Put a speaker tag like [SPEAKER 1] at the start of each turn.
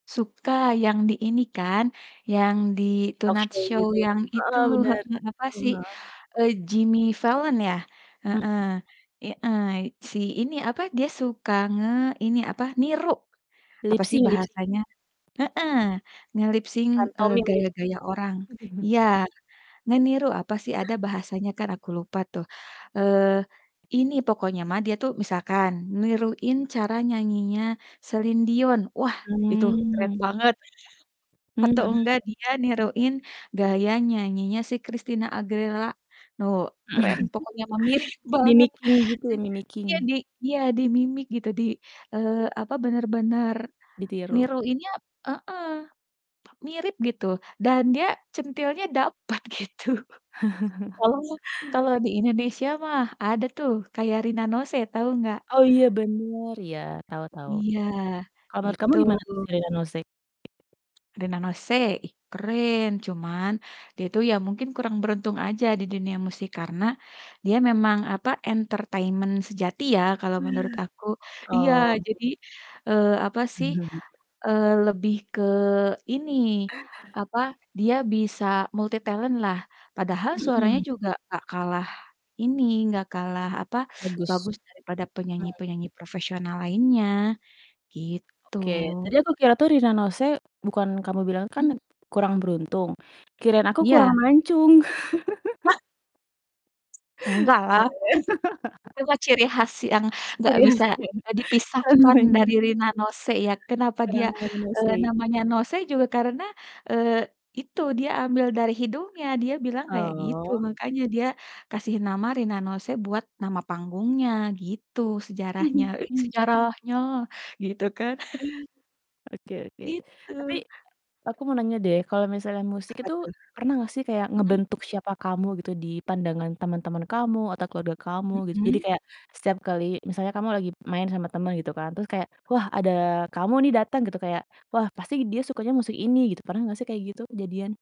[SPEAKER 1] Suka yang di ini kan, yang di
[SPEAKER 2] Di
[SPEAKER 1] Tonight
[SPEAKER 2] talkshow
[SPEAKER 1] Show
[SPEAKER 2] gitu.
[SPEAKER 1] yang itu
[SPEAKER 2] Heeh, bener.
[SPEAKER 1] heeh, apa
[SPEAKER 2] Mhm,
[SPEAKER 1] sih,
[SPEAKER 2] heeh.
[SPEAKER 1] eee, Jimmy Fallon ya, heeh.
[SPEAKER 2] Mhm.
[SPEAKER 1] I ai si ini apa dia suka ngeini apa, niru apa
[SPEAKER 2] Lip
[SPEAKER 1] sih
[SPEAKER 2] sync lip sync.
[SPEAKER 1] bahasanya heeh, nge-lip sync, eee,
[SPEAKER 2] Pantomim gitu?
[SPEAKER 1] gaya-gaya orang. Iya, ngeniru apa sih ada bahasanya kan aku lupa tuh, eee, ini pokoknya mah dia tuh misalkan niruin cara nyanyinya Celine Dion, wah itu keren
[SPEAKER 2] Mmm.
[SPEAKER 1] banget.
[SPEAKER 2] Mmm,
[SPEAKER 1] Atau
[SPEAKER 2] hmm.
[SPEAKER 1] enggak dia niruin gaya nyanyinya si Christina Aguilera, oh keren pokoknya mah mirip banget.
[SPEAKER 2] Mimicking gitu ya,
[SPEAKER 1] Eee. Iya
[SPEAKER 2] mimicking.
[SPEAKER 1] di iya di mimik gitu di eee, apa, bener-bener
[SPEAKER 2] Ditiru?
[SPEAKER 1] niruinnya heeh, mirip gitu, dan dia centilnya dapet gitu. Oh, kalau di Indonesia mah, ada tuh kayak Rina Nose, tahu gak?
[SPEAKER 2] Oh iya bener ya, tau tau.
[SPEAKER 1] Iya,
[SPEAKER 2] Kalau menurut kamu
[SPEAKER 1] itu.
[SPEAKER 2] gimana tuh si Rina Nose?
[SPEAKER 1] Rina Nose ih keren. Cuman, dia itu ya mungkin kurang beruntung aja di dunia musik, karena dia memang apa, entertainment sejati ya kalau menurut aku. Iya,
[SPEAKER 2] Oh
[SPEAKER 1] jadi, eee, apa
[SPEAKER 2] iya. [unintelligible]
[SPEAKER 1] sih, eee, lebih ke ini apa, dia bisa multitalent lah, padahal suaranya
[SPEAKER 2] Mhm.
[SPEAKER 1] juga gak kalah ini, gak kalah apa,
[SPEAKER 2] Bagus,
[SPEAKER 1] bagus
[SPEAKER 2] hmm.
[SPEAKER 1] dari pada penyanyi-penyanyi profesional lainnya, gitu.
[SPEAKER 2] Oke, tadi aku kira tuh Rina Nose bukan kamu bilang kan
[SPEAKER 1] Mmm.
[SPEAKER 2] kurang beruntung, kirain aku kurang
[SPEAKER 1] Iya.
[SPEAKER 2] mancung. Iya
[SPEAKER 1] Enggaklah huf
[SPEAKER 2] ya.
[SPEAKER 1] itu mah ciri khas yang gak
[SPEAKER 2] Ciri khas
[SPEAKER 1] bisa,
[SPEAKER 2] dia,
[SPEAKER 1] eee, dipisahkan
[SPEAKER 2] namanya.
[SPEAKER 1] dari Rina Nose ya. Kenapa
[SPEAKER 2] Karena
[SPEAKER 1] dia,
[SPEAKER 2] namanya
[SPEAKER 1] eee,
[SPEAKER 2] Nose.
[SPEAKER 1] namanya Nose juga karena, eee, itu dia ambil dari hidungnya, dia bilang kayak gitu.
[SPEAKER 2] Oh.
[SPEAKER 1] Makanya dia kasih nama Rina Nose buat nama panggungnya, gitu sejarahnya.
[SPEAKER 2] Mhm,
[SPEAKER 1] Eh
[SPEAKER 2] mmm.
[SPEAKER 1] sejarahnya, gitu kan.
[SPEAKER 2] Oke oke, tapi
[SPEAKER 1] Gitu.
[SPEAKER 2] aku mau nanya deh kalau misalnya musik
[SPEAKER 1] Apa
[SPEAKER 2] itu
[SPEAKER 1] tuh?
[SPEAKER 2] pernah gak sih kayak
[SPEAKER 1] Mhm.
[SPEAKER 2] ngebentuk siapa kamu gitu, di pandangan teman-teman kamu, atau keluarga kamu gitu? Jadi
[SPEAKER 1] Mhm.
[SPEAKER 2] kayak setiap kali misalnya kamu lagi main sama temen gitu kan terus kayak, "Wah, ada kamu nih dateng," gitu kayak, "Wah pasti dia sukanya musik ini," gitu. Pernah gak sih kayak gitu kejadian?